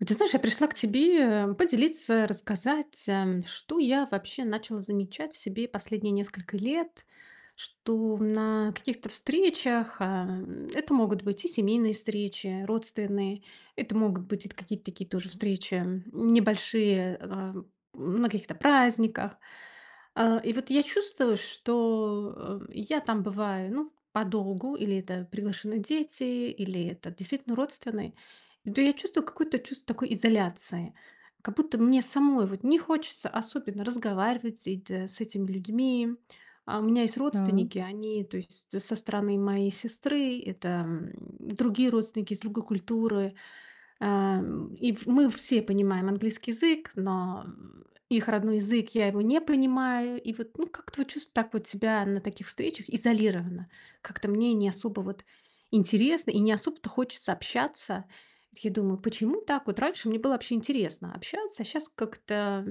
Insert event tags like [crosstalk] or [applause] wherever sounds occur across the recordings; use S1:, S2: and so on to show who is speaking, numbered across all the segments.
S1: Вот ты знаешь, я пришла к тебе, а, поделиться, рассказать, ам, что я вообще начала замечать в себе последние несколько лет. Что в на каких-то встречах- ам, это могут быть и семейные встречи, родственные. Это могут быть это какие-то такие тоже встречи, м, небольшие, э, а, на каких-то праздниках. А, и вот я чувствую, что, э, я там бываю, ну, подолгу- или это приглашены дети, или это действительно родственные- то я чувствую какое-то чувство такой изоляции. Как будто мне самой вот не хочется особенно разговаривать с эт с этими людьми. А, у меня есть
S2: Да.
S1: родственники- они, то есть со стороны моей сестры, это, м, другие родственники, из другой культуры. Ам, и в мы все понимаем английский язык, но их родной язык- я его не понимаю. И вот, ну, как-то вот чувство так вот себя на таких встречах изолированно: как-то мне не особо вот интересно и не особо-то хочется общаться. Вот я думаю: почему так? Вот раньше мне было вообще интересно общаться, а щас как-то,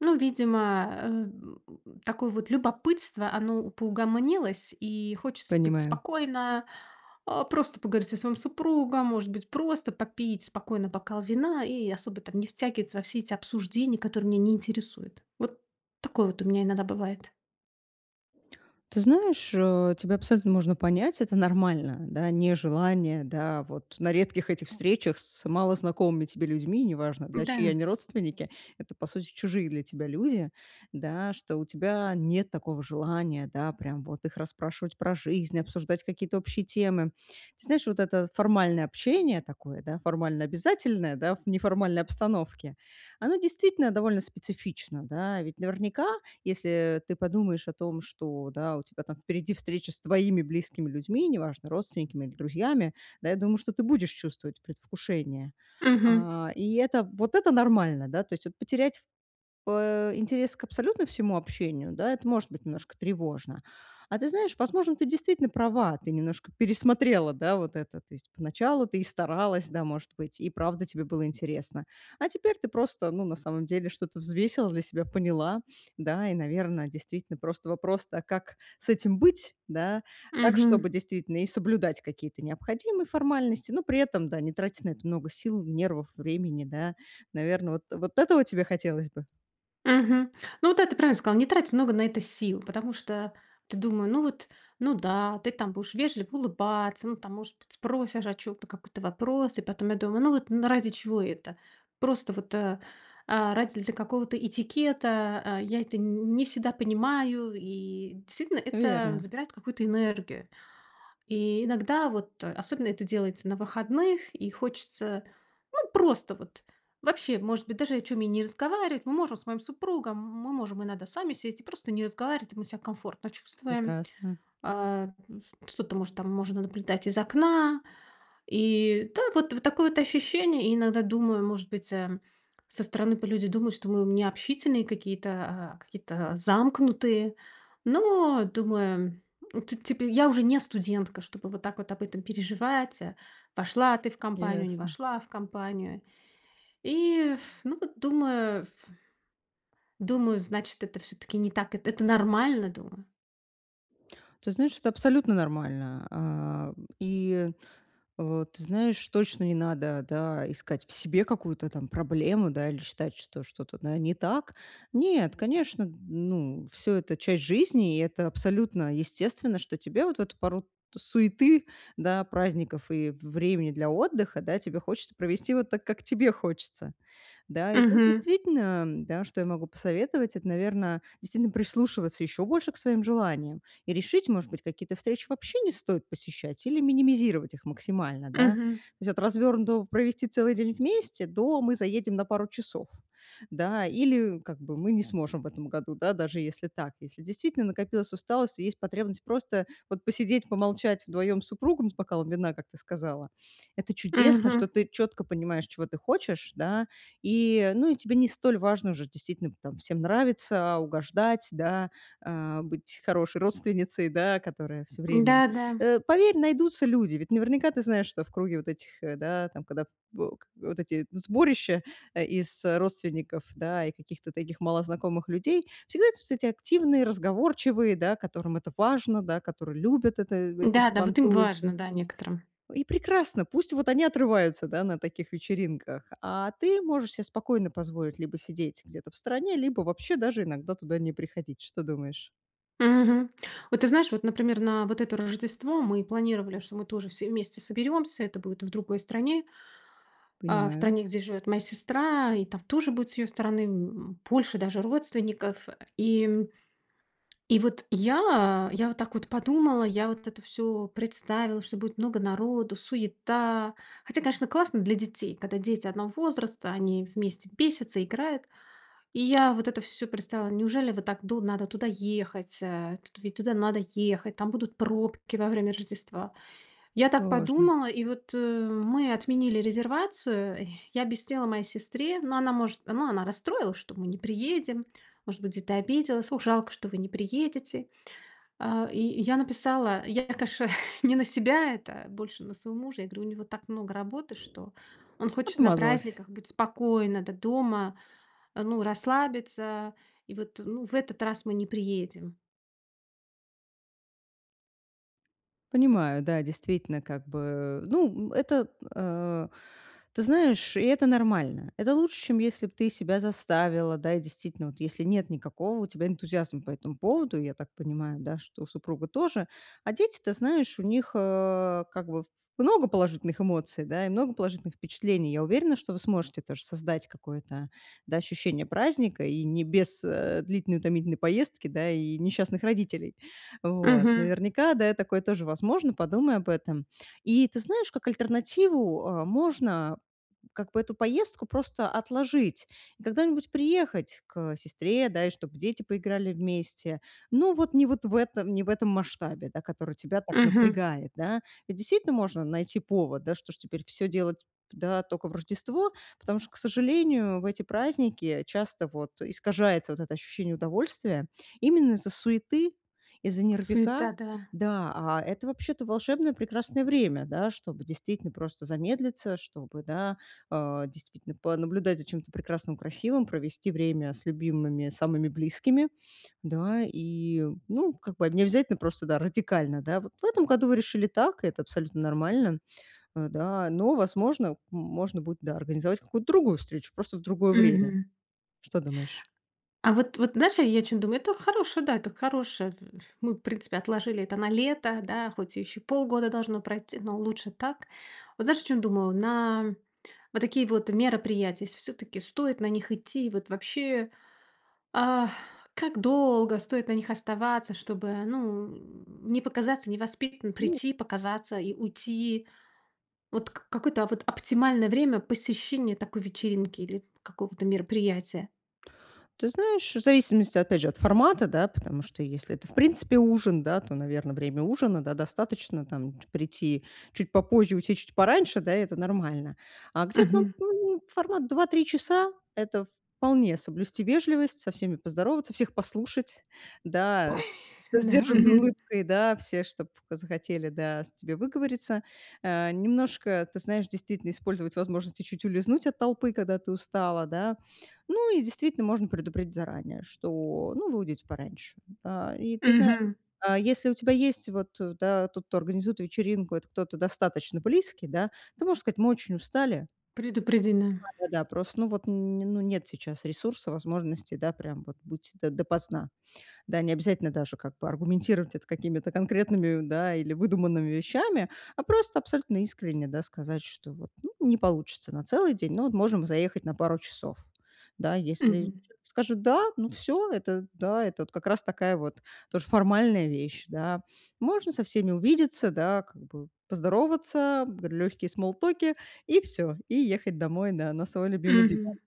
S1: ну, видимо, эм, такое вот любопытство- оно поугомонилось. И хочется быть
S2: Понимаю.
S1: спокойно, а, просто поговорить со своим супругом, может быть просто попить спокойно бокал вина и особо там не втягиваться во все эти обсуждения, которые меня не интересуют. Вот такое вот у меня иногда бывает.
S2: Ты знаешь, э, тебя абсолютно можно понять, это нормально, да. Нежелание, да, вот на редких этих встречах с малознакомыми тебе людьми- неважно, да, чьи
S1: Да.
S2: они родственники, это, по сути, чужие для тебя люди, да- что у тебя нет такого желания, да, прям вот их расспрашивать про жизнь, обсуждать какие-то общие темы. Ты знаешь, вот это формальное общение такое, да, формально-обязательное, да в неформальной обстановке, оно, действительно, довольно специфично, да. Ведь наверняка, если ты подумаешь о том, что, да, у тебя там впереди встреча с твоими близкими людьми, неважно, родственниками или друзьями, да, я думаю, что ты будешь чувствовать предвкушение.
S1: Мгм.
S2: А, и это вот это нормально, да. То есть вот потерять, пэ, интерес к абсолютно всему общению, да- это может быть немножко тревожно. А ты знаешь, возможно, ты действительно права, ты немножко пересмотрела, да, вот это. То есть поначалу ты и старалась, да, может быть, и правда тебе было интересно, а теперь ты просто, ну, на самом деле что-то взвесила для себя, поняла, да, и, наверно, действительно просто вопрос-то: а как с этим быть, да? Так,
S1: Мгм.
S2: чтобы действительно и соблюдать какие-то необходимые формальности, но при этом, да, не тратить на это много сил, нервов, времени, да. Наверное, вот вот этого тебе хотелось бы?
S1: Мгм. Ну вот да, ты правильно сказала: "Не трать много на это сил". Потому что ты думаю: "Ну вот, ну да, ты там будешь вежливо улыбаться, ну там, может быть, спросишь о чём-то, какой-то вопрос". И потом я думаю: "Ну вот н ради чего это?" Просто вот, э, а, ради для какого-то этикета, э, я это н не всегда понимаю, и, действительно, это
S2: Верно.
S1: забирает какую-то энергию. И иногда вот, особенно это делается на выходных, и хочется, ну, просто вот вообще, может быть, даже о чём и не разговаривать. Мы можем с моим супругом, мы можем иногда сами сесть и просто не разговаривать, и мы себя комфортно чувствуем.
S2: Прекрасно.
S1: А, м, ф что-то, может, там можно наблюдать из окна. И так вот вот такое вот ощущение. И иногда думаю, может быть, э, со стороны п люди думают, что мы необщительные какие-то, а, какие-то замкнутые. Но думаю, э, тут, типа, я уже не студентка, чтобы вот так вот об этом переживать: э, вошла ты в компанию, не
S2: Ясно.
S1: вошла в компанию. И [blows air] ну вот думаю [blows air] думаю, значит, это всё-таки не так. Эт это нормально, думаю.
S2: Ты знаешь, это абсолютно нормально, а. И, э, ты знаешь, точно не надо, да, искать в себе какую-то там проблему, да, или считать, что что-то, да, не так. Нет, конечно, ну, всё это часть жизни, и это абсолютно естественно, что тебе вот эту пору суеты, да, праздников и в времени для отдыха, да, тебе хочется провести вот так, как тебе хочется. Да, и тут
S1: Мгм.
S2: действительно, да, что я могу посоветовать, это, наверно, действительно прислушиваться еще больше к своим желаниям и решить, может быть, какие-то встречи вообще не стоит посещать или минимизировать их максимально, да. То
S1: Мгм.
S2: есть от развернутого "провести целый день вместе" до "мы заедем на пару часов". Да, или как бы "мы не сможем в этом году", да, даже если так. Если действительно накопилась усталость и есть потребность просто вот посидеть, помолчать вдвоем с супругом, с бокалом вина, как ты сказала- это чудесно,
S1: Мгм.
S2: что ты четко понимаешь, чего ты хочешь, да, и ну, и тебе не столь важно уже действительно там всем нравится, угождать, да, а, быть хорошей родственницей, да, которая всё время
S1: Да-да.
S2: Э, поверь, найдутся люди. Ведь наверняка ты знаешь, что в круге вот этих, э, да, там когда в к вот эти сборища, э, из родственников, да, и каких-то таких малознакомых людей, всегда есть, кстати, активные, разговорчивые, да, которым это важно, да, которые любят это этот
S1: Да-да, вот им
S2: сабантуй.
S1: важно, да, некоторым.
S2: И прекрасно, пусть вот они отрываются, да, на таких вечеринках, а ты можешь се спокойно позволить либо сидеть где-то в стороне, либо вообще даже иногда туда не приходить. Что думаешь?
S1: Мгм. Вот ты знаешь, вот, например, на вот это Рождество мы планировали, что мы тоже все вместе соберемся. Это будет в другой стране а, в
S2: Понимаю.
S1: стране, где живет моя сестра. И там тоже будет, с ее стороны, м, больше даже родственников. И и вот я я вот так вот подумала, я вот это всё представила, что будет много народу, суета. Хотя, конечно, классно для детей, когда дети одного возраста, они вместе бесятся, играют. И я вот это всё представила. Неужели вот так ду надо туда ехать, э, ведь туда надо ехать, там будут пробки во время Рождества. Я так
S2: Можно.
S1: подумала, и вот, э, мы отменили резервацию, я объяснила моей сестре ну, она может ну, она расстроилась, что мы не приедем, может быть, где-то обиделась: "Ох, жалко, что вы не приедете". А, и и я написала Я, конечно [chuckles] не на себя это, а больше на своего мужа. Я говорю: "У него так много работы, что он хочет на
S2: Отмазалась.
S1: праздниках быть спокойно д дома ну, расслабиться, и вот, ну, в этот раз мы не приедем".
S2: Понимаю, да, действительно как бы, ну, это, э Ты знаешь, и это нормально. Это лучше, чем если б ты себя заставила, да, и действительно, вот если нет никакого у тебя энтузиазма по этому поводу, я так понимаю, да, что у супруга тоже. А дети, ты знаешь, у них, э, как бы в много положительных эмоций, да и много положительных впечатлений. Я уверена, что вы сможете тоже создать какое-то, да, ощущение праздника и не без, э, длительной утомительной поездки, и несчастных родителей. Вот.
S1: Мгм.
S2: Наверняка, да, и такое тоже возможно, подумай об этом. И ты знаешь, как альтернативу, э, можно как бы эту поездку просто отложить, и когда-нибудь приехать к сестре, да, и чтобы дети поиграли вместе, но вот не вот в этом не в этом масштабе, да, который тебя так
S1: Мгм.
S2: напрягает, да. Ведь действительно можно найти повод, да. Что ж теперь все делать, да, только в Рождество? Потому что, к сожалению, в эти праздники часто вот искажается вот это ощущение удовольствия, именно из-за суеты, из-за нервяка.
S1: Суета. Да.
S2: Да. А это вообще-то волшебное прекрасное время, да, чтобы действительно просто замедлиться, чтобы, да, а, действительно понаблюдать за чем-то прекрасным, красивым, провести время с любимыми, самыми близкими. Да и Ну, как бы необязательно просто, да, радикально, да. Вот в этом году вы решили так и это абсолютно нормально. Э, да. Но, возможно, можно будет, да, организовать какую-то другую встречу, просто в другое время.
S1: Мгм.
S2: Что думаешь?
S1: А вот вот знаешь, я о чем думаю: Это хорошая да, это хорошая Мы, в принципе, отложили это на лето, да, хоть еще полгода должно пройт но лучше так Вот, знаешь, о чем думаю: на вот такие вот мероприятия, если всё-таки стоит на них идти, и вот вообще [gasps] Ах, как долго стоит на них оставаться, чтобы, ну, [grunts] не показаться невоспитанной,
S2: Ну
S1: прийти показаться и уйти? Вот к какое-то, а вот, оптимальное время посещения такой вечеринки, или какого-то мероприятия?
S2: Ты знаешь, в зависимости, опять же, от формата, да, потому что если это, в принципе ужин, да, то, наверно, время ужина, да, достаточно, там, ч прийти чуть попозже, уйти чуть пораньше, да, и это нормально. А где-то,
S1: Мгм.
S2: ну, формат 2-3 часа- это вполне соблюсти вежливость, со всеми поздороваться, всех послушать, да, со
S1: Да.
S2: сдержанной
S1: Мгм.
S2: улыбкой, да, все, чтоб захотели, да, с тебе выговориться. Э, немножко, ты знаешь, действительно использовать возможности чуть улизнуть от толпы, когда ты устала, да. Ну и, действительно, можно предупредить заранее, что, ну, вы уйдете пораньше. А, и ты знаешь,
S1: Мгм.
S2: а, если у тебя есть вот, да, тот, кто организует вечеринку- это кто-то достаточно близкий, да, ты можешь сказать: "Мы очень устали"
S1: Предупреди, да.
S2: Да-да-да, прост вот, н ну, нет сейчас ресурса, возможностей, да, прям вот быть до допоздна. Да, необязательно даже как бы аргументировать это какими-то конкретными, да, или выдуманными вещами, а просто абсолютно искренне, да, сказать, что, ну вот, не получится на целый день, но можем заехать на пару часов. Да, если
S1: Мгм.
S2: скажут "да", ну, всё- это, да, как раз такая вот тоже формальная вещь, да. Можно со всеми увидеться, да, как бы поздороваться, легкие смоллтоки, и всё, и ехать домой на на свой любимый
S1: Мгм.
S2: диван.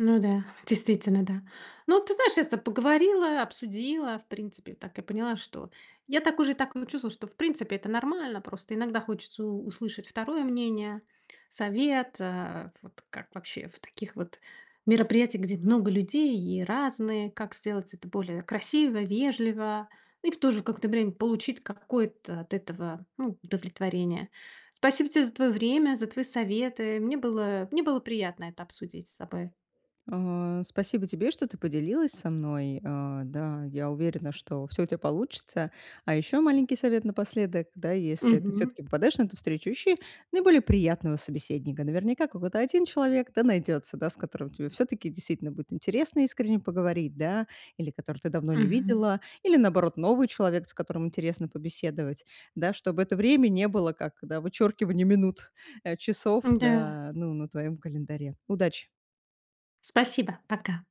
S1: Ну да, [chuckles] действительно, да. Ну, ты знаешь, я с тобой поговорила, обсудила, в принципе, так и поняла, что я так уже и так м чувствую, что, в принципе, это нормально. Просто иногда хочется у услышать 2 мнение, совет, э, вот как вообще в таких вот мероприятиях, где много людей и разные, как сделать это более красиво, вежливо, и в то же какое-то время получить какое-то от этого, ну, удовлетворение. Спасибо тебе за твоё время, за твои советы. Мне было мне было приятно это обсудить с тобой.
S2: А, спасибо тебе, что ты поделилась со мной, э. Да, я уверена, что всё у тя получится. А ещё маленький совет напоследок: да, если ты
S1: Мгм.
S2: всё-таки попадаешь на эту встречу, ищи наиболее приятного собеседника. Наверняка, какой-то 1 человек да найдётся, да, с которым тебе всё-таки действительно будет интересно искренне поговорить, да, или который ты давно не
S1: Мгм.
S2: видела, или, наоборот, новый человек, с которым интересно побеседовать, да, чтобы это время не было, как, да, вычёркивание минут, э, часов,
S1: М-да.
S2: да, ну, на твоём календаре. Удачи.
S1: Спасибо! Пока.